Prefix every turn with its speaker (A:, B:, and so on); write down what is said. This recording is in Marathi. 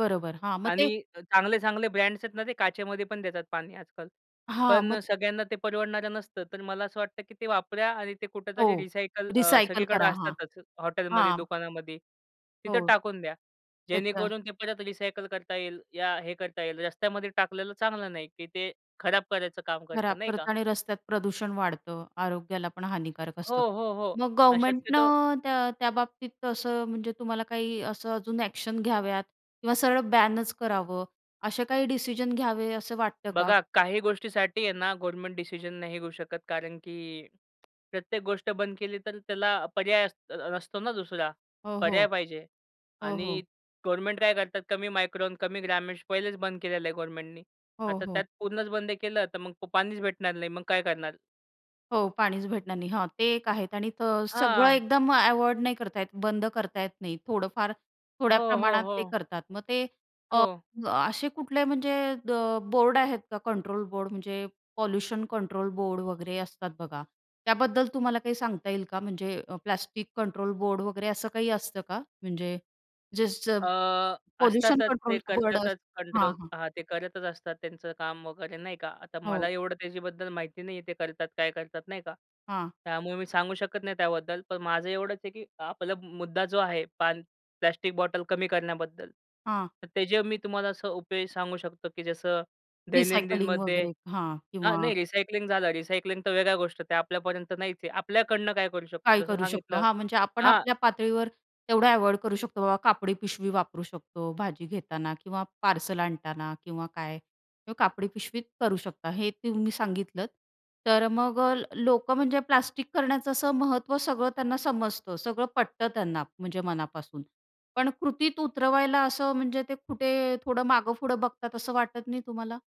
A: बरोबर. हां, मग ते
B: आणि अ, चांगले-चांगले ब्रँड्स आहेत ना, ते काचेमध्ये पण देतात पाणी आजकाल.
A: हां,
B: पण
A: मग
B: अ, सगळ्यांना ते परवडणारं नसतं. तर मला असं वाटतं, की ते वापरा आणि ते
A: हो,
B: कुठेतरी रिसायकल अ,
A: रिसायकल
B: सगळीकडं
A: करा. हां.
B: असतातच हॉटेलमध्ये,
A: हां.
B: दुकानामध्ये तिथं
A: हो.
B: टाकून द्या.
A: त्याच्या
B: जेणेकरून ते परत रिसायकल करता येईल, या हे करता येईल. रस्त्यामध्ये टाकलेलं चांगलं नाही, की ते खराब करायचं काम
A: खराब
B: करतं नाही का.
A: करतं आणि रस्त्यात प्रदूषण वाढतं. आरोग्याला पण हानिकारक
B: हो,
A: असतं.
B: हो, हो,
A: मग
B: अ, शक्यतो
A: गव्हर्नमेंटनं त्या त्या बाबतीत तसं म्हणजे तुम्हाला काही असं अजून अ‍ॅक्शन घ्याव्यात किंवा सरळ बॅनच करावं, असे काही डिसिजन घ्यावे असं वाटतं का?
B: बघा, काही गोष्टीसाठी आहे ना, गव्हर्नमेंट डिसिजन नाही घेऊ शकत, कारण की प्रत्येक गोष्ट बंद केली तर त्याला पर्याय अस असतो ना दुसरा
A: हो, हो.
B: पर्याय पाहिजे.
A: हो,
B: आणि
A: हो.
B: गव्हर्नमेंट काय करतात कमी मायक्रॉन कमी ग्रामेष पहिलेच बंद केलेलं आहे गव्हर्नमेंटनी.
A: हो,
B: आता
A: हो.
B: त्यात पूर्णच बंद केलं, तर मग पाणीच भेटणार नाही. मग काय करणार?
A: हो, पाणीच भेटणार नाही हां, ते एक आहेत आणि तर सगळं
B: हां.
A: एकदम अव्हॉइड नाही करता येत, बंद करता येत नाही, थोडंफार थोड्या
B: हो, हो,
A: प्रमाणात ते
B: हो.
A: करतात. मग ते अ,
B: हो.
A: असे कुठले म्हणजे अ, बोर्ड आहेत का कंट्रोल बोर्ड म्हणजे पोल्युशन कंट्रोल बोर्ड वगैरे असतात बघा, त्याबद्दल तुम्हाला काही सांगता येईल का? म्हणजे अ, प्लास्टिक कंट्रोल बोर्ड वगैरे असं काही असतं का? म्हणजे जे स
B: अ,
A: पोल्युशन
B: असतातच
A: कंट्रोल
B: ते
A: बोर्ड
B: करतातच
A: असं हां,
B: कंट्रोल
A: हां.
B: हां, ते करतच असतात त्यांचं काम वगैरे, नाही का. आता मला
A: हो.
B: एवढं त्याच्याबद्दल माहिती नाही आहे ते करतात, काय करतात, नाही का.
A: हां.
B: त्यामुळे मी सांगू शकत नाही त्याबद्दल, पण माझं एवढंच आहे की आपला मुद्दा जो आहे पान प्लास्टिक बॉटल कमी करण्याबद्दल,
A: हां.
B: तर त्याचे मी तुम्हाला असं उपाय सांगू शकतो, की जसं
A: रिसायकलिंग
B: दैनंदिनमध्ये
A: वगैरे, हां,
B: हां,
A: किंवा
B: नाही, रिसायकलिंग झालं, रिसायकलिंग तर वेगळ्या गोष्ट, त्या आपल्यापर्यंत नाहीच आहे. आपल्याकडनं काय करू
A: काय
B: शकतो जसं
A: करू शकतो?
B: सांगितलं
A: हां, म्हणजे आपण
B: हां.
A: आपल्या पातळीवर तेवढं अव्हॉइड करू शकतो बाबा कापडी पिशवी वापरू शकतो भाजी घेताना किंवा पार्सल आणताना किंवा काय किवा कापडी पिशवी करू शकता, हे तुम्ही सांगितलंत. तर अ, मग अ, ल लोकं म्हणजे प्लास्टिक करण्याचं असं महत्त्व सगळं त्यांना समजतं, सगळं पटतं त्यांना म्हणजे मनापासून, पण कृतीत उतरवायला असं म्हणजे ते कुठे थोडं मागेपुढं बघतात असं वाटत नाही तुम्हाला?